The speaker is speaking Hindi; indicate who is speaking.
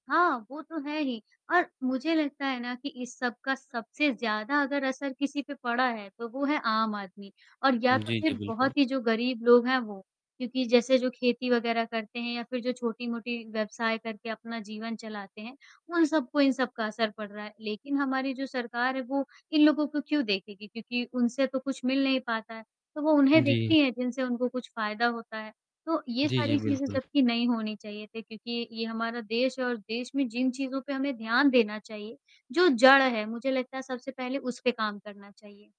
Speaker 1: हाँ, वो तो है ही और मुझे लगता है ना कि इस सब का सबसे ज़्यादा अगर असर किसी पे पड़ा है, तो वो है आम आदमी और या
Speaker 2: हुँ।
Speaker 1: तो
Speaker 2: जी, जी।
Speaker 1: फ़िर
Speaker 2: बिल्कुल।
Speaker 1: बहुत ही जो गरीब लोग हैं वो। क्योंकि जैसे जो खेती वग़ैरह करते हैं या फ़िर जो छोटी-मोटी व्यवसाय करके अपना जीवन चलाते हैं, उन सबको इन सबका असर पड़ रहा है। लेक़िन हमारी जो सरकार है वो इन लोगों को क्यों देखेगी? क्योंकि उनसे तो कुछ मिल नहीं पाता है। तो, वो उन्हें
Speaker 2: जी।
Speaker 1: देखती है जिनसे उनको कुछ फ़ायदा होता है, तो ये
Speaker 2: जी, जी।
Speaker 1: सारी चीज़ें
Speaker 2: बिल्कुल।
Speaker 1: जबकि नहीं होनी चाहिए थी क्योंकि ये हमारा देश है और देश में जिन चीज़ों पे हमें ध्यान देना चाहिए जो जड़ हैं मुझे लगता है सबसे पहले उस पे काम करना चाहिए।